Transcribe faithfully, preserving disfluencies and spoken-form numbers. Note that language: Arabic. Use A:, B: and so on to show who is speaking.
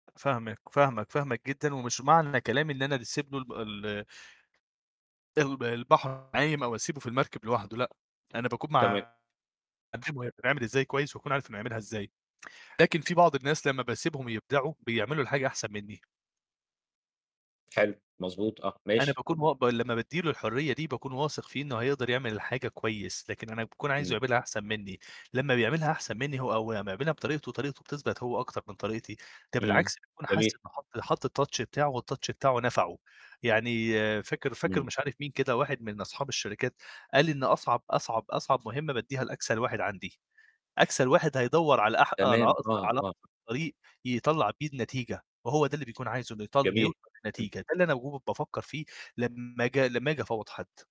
A: فاهمك، فاهمك، فاهمك جدًا ومش معنى كلامي إن أنا دسيب له الم ال الب البحر عايم أو أسيبه في المركب لوحده لأ، أنا باكون
B: تمام.
A: معا [unintelligible] وهي بتتعمل إزاي كويس وأكون عارف إنه هيعملها إزاي، لكن في بعض الناس لمّا باسيبهم يبدعوا بيعملوا الحاجة أحسن منّي.
B: حلو، مضبوط آه،
A: أنا
B: ماشي.
A: باكون مو ب لمّا بادّي له الحرية دي باكون واثق فيه إنه هيقدر يعمل حاجة كويس، لكن أنا باكون عايزه
B: إمم.
A: يعملها أحسن منّي، لمّا بيعملها أحسن منّي هو أو لمّا يعملها بطريقته وطريقته بتثبت هو أكتر من طريقتي، ده
B: إمم.
A: بالعكس بيكون حاس
B: جميل.
A: إنه حَط حَط الtouch بتاعه والtouch بتاعه نَفعه، يعني فاكر فاكر
B: إمم.
A: مش عارف مين كده واحد من أصحاب الشركات قال إن "أصعب، أصعب، أصعب مُهمّة بادّيها لأكسل واحد عندي." أكسل واحد هيدوّر على أح على
B: تمام،
A: أقص
B: آه،
A: على
B: آه.
A: أقصر طريق يطلّع بيه النتيجة، وهو ده اللي بيكون عايزه إن يطل إنه
B: جميل.
A: يوصل
B: إمم.
A: لنتيجة ده اللي أنا وهو كنت بافكّر فيه لمّا ج لمّا آجي أفوّض حد.